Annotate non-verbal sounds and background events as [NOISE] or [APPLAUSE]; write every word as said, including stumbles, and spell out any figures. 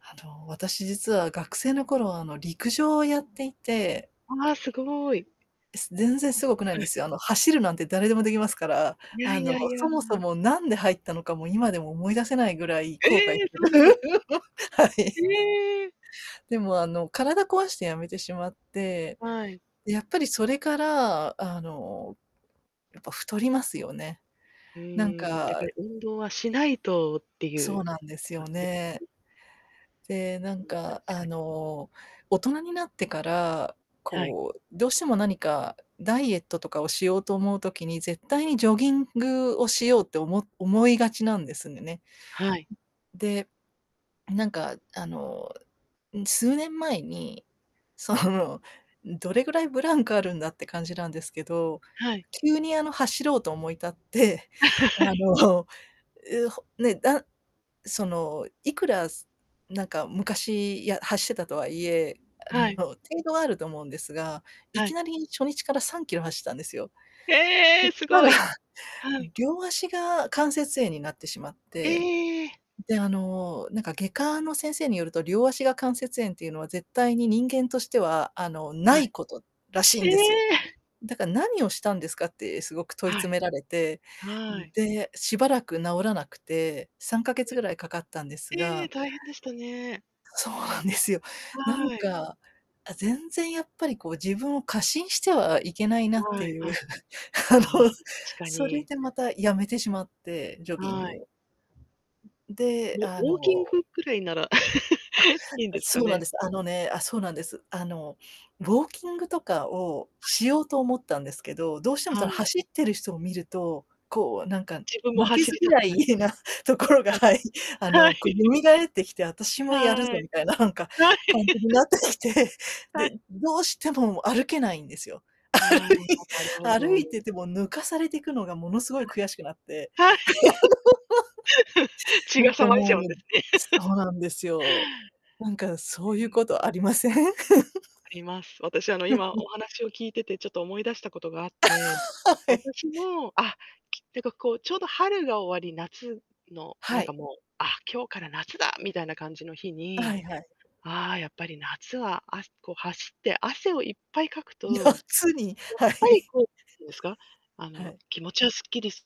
あの、私実は学生の頃はあの陸上をやっていてああ、すごい。全然凄くないはんい。ですよ。あの走るなんて誰でも出来ますから。いやあいの、やいやそいもや。そも何で入ったのかも今でも思い出せないぐらいえ後悔え、そうなんです。[LAUGHS] はい。ええ。でもあの、体壊して辞めてしまって、はい。で、やっぱりそれからあの、やっぱ太りますよね。うなんーん、やっぱかり運動はしないとってそいううなんですよ感じでね。[UNINTELLIGIBLE] で、なんうん、確かあかに。の大人になってからはい。こう、どうしても何かダイエットとかをしようと思う時に、絶対にジョギングをしようっておも思いがちなんですね。はい。で、なんかあの、数年前にそのどれぐらいブランクあるんだって感じなんですけど、はい。急にあの走ろうと思い立って、あ [LAUGHS] のう、ね、だ、そのいくらなんか昔や走ってたとはいえ、あはのい。程度はあると思うんですが、いはきい。なり初日からさんキロ走ったんですよ。えそえ、しすたごらい。はい。両足が関節炎になってしまって。ええ。で、あのなんか、外科の先生によると、両足が関節炎っていうのは絶対に人間としてはあの、なはい。いことらしいえんですよ。え。だから、何をしたんですかってすごく問いは詰い。められて。はい。で、しばらく治らなくてさんかげつ [UNINTELLIGIBLE] 位かかったんですええ、が大変でしたね。そうなんですよ。なんはい。か、あ、全然やっぱりこう自分を過信してはいけないなっはていいう。はい。[LAUGHS] あああ、の、確かそれに。でまた辞めてしまってジョギンはグい。を。で、もあうウォーキンのグくらいならあ、[LAUGHS] いいんですかそうなんね？です。あのねあ、そうなんです。あのウォーキングとかをはい。しようと思ったんですけど、どうしてもそはのい。走ってる人を見ると、こうなんか自分も負け走ずりた嫌くなる。いな [UNINTELLIGIBLE] ところがはい。はい、あはのこうい。蘇ってきて、私はい。もやるはぞい。みたいななんか感じになってきて、[LAUGHS] はい。で、どうしても歩けないんですよ。ああ、[UNINTELLIGIBLE] なるほ歩い歩ど。いてても抜かされてくのがものすごい悔しくなって。はい。はい。[LAUGHS] [LAUGHS] 血なんがか騒いじもゃうんうですね。そう [LAUGHS] なんですよ。なんかそうういうん。ことありません？[LAUGHS] あります。私あの今 [LAUGHS] お話を聞いててちょっと思い出したことがあって、[LAUGHS] はい。私も、あ、なんかこうちょうど春が終わり夏の、なはんかい。もう、あ、今日から夏だみたいな感じの日はに、いはい。ああやっぱり夏はあこう走って汗をいっぱいかくと、やっ夏にはぱりい。こう [UNINTELLIGIBLE] いうんですか、あはのい。気持ちはすっきりす